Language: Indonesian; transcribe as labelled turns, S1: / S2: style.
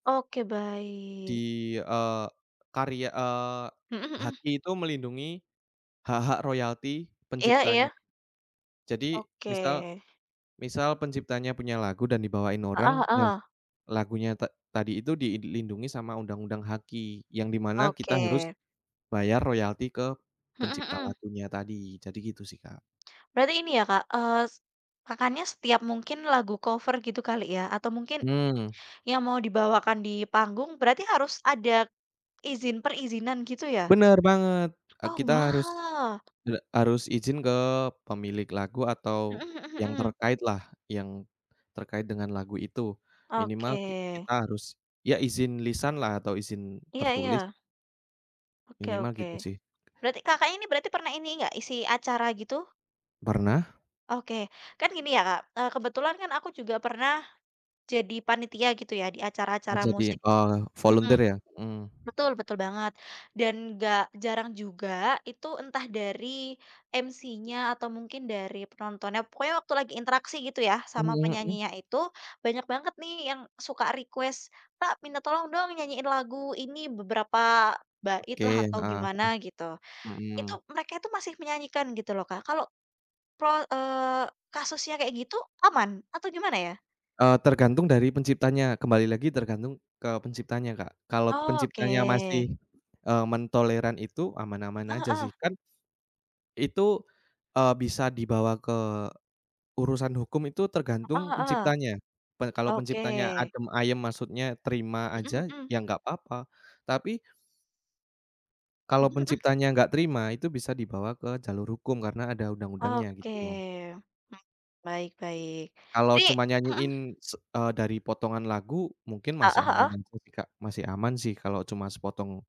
S1: Oke,
S2: Di,
S1: baik.
S2: eee, karya eee,
S1: Mhm mhm.
S2: HKI tuh melindungi, hak-hak royalti
S1: Iya
S2: penciptanya.
S1: iya.
S2: Jadi
S1: Oke.
S2: misal, misal penciptanya punya lagu dan dibawain
S1: Heeh
S2: orang, ya
S1: heeh.
S2: lagunya ta tadi itu dilindungi sama undang-undang HKI. Yang di mana kita harus,
S1: Oke.
S2: bayar royalti ke
S1: Mhm
S2: pencipta
S1: mhm.
S2: lagunya tadi, jadi gitu sih Kak.
S1: Berarti ini ya Kak, eee, s Kakaknya setiap mungkin lagu cover gitu kali ya, atau mungkin,
S2: Mmm.
S1: yang mau dibawakan di panggung, berarti harus ada izin, perizinan gitu ya?
S2: Bener banget, e
S1: Oh,
S2: kita harus,
S1: wah.
S2: e harus izin ke pemilik lagu
S1: Mhm
S2: atau
S1: mhm
S2: yang
S1: mhm.
S2: terkaitlah, yang, terkait dengan lagu itu. Minimal ki
S1: Oke.
S2: kita harus, ya izin lisanlah atau izin
S1: Iya iya.
S2: tertulis.
S1: Oke
S2: Minimal
S1: oke,
S2: gitu sih.
S1: berarti Kakak ini, berarti pernah ini gak, isi acara gitu?
S2: Pernah.
S1: Oke, kan gini ya Kak, eee, kebetulan kan aku juga pernah, jadi panitia, gitu ya, di
S2: A
S1: acara-acara
S2: jadi,
S1: musik
S2: oh,
S1: mhm,
S2: volunteer ya? Mhm.
S1: betul betul banget. Dan gak jarang juga, itu entah dari MC-nya atau mungkin dari penontonnya, pokoknya waktu lagi interaksi gitu ya, sama
S2: Mhm.
S1: penyanyinya itu. Banyak banget nih yang suka request, "Pak, minta tolong dong nyanyiin lagu ini, beberapa
S2: Oke,
S1: baitlah
S2: heeh
S1: atau
S2: heeh.
S1: gimana gitu."
S2: Mhm.
S1: Itu, mereka itu masih menyanyikan gitu loh Kak, kalau, pe eee, kasusnya kayak gitu, aman? Atau gimana ya?
S2: Eee, tergantung dari penciptanya, kembali lagi tergantung ke penciptanya Kak. Kalau
S1: Oh,
S2: penciptanya
S1: oke.
S2: masih, eee, mentoleran itu, aman-aman
S1: Heeh
S2: aja sih.
S1: heeh.
S2: Kan itu, eee bisa dibawa ke, urusan hukum itu tergantung
S1: Heeh heeh.
S2: penciptanya. Pe kalau
S1: Oke.
S2: penciptanya adem ayem, maksudnya terima
S1: Mhm
S2: aja,
S1: mhm.
S2: ya nggak apa-apa. Tapi kalau
S1: Mhm mhm.
S2: penciptanya gak terima, itu bisa dibawa ke jalur hukum, karena ada undang-undangnya,
S1: Oke,
S2: gitu.
S1: mmm, baik baik.
S2: Kalau
S1: Ini
S2: cuma
S1: mhm.
S2: nyanyiin se eee, dari potongan lagu, mungkin
S1: Heeh
S2: masih aman
S1: heeh.
S2: aja sih Kak, masih aman sih kalau cuma sepotong.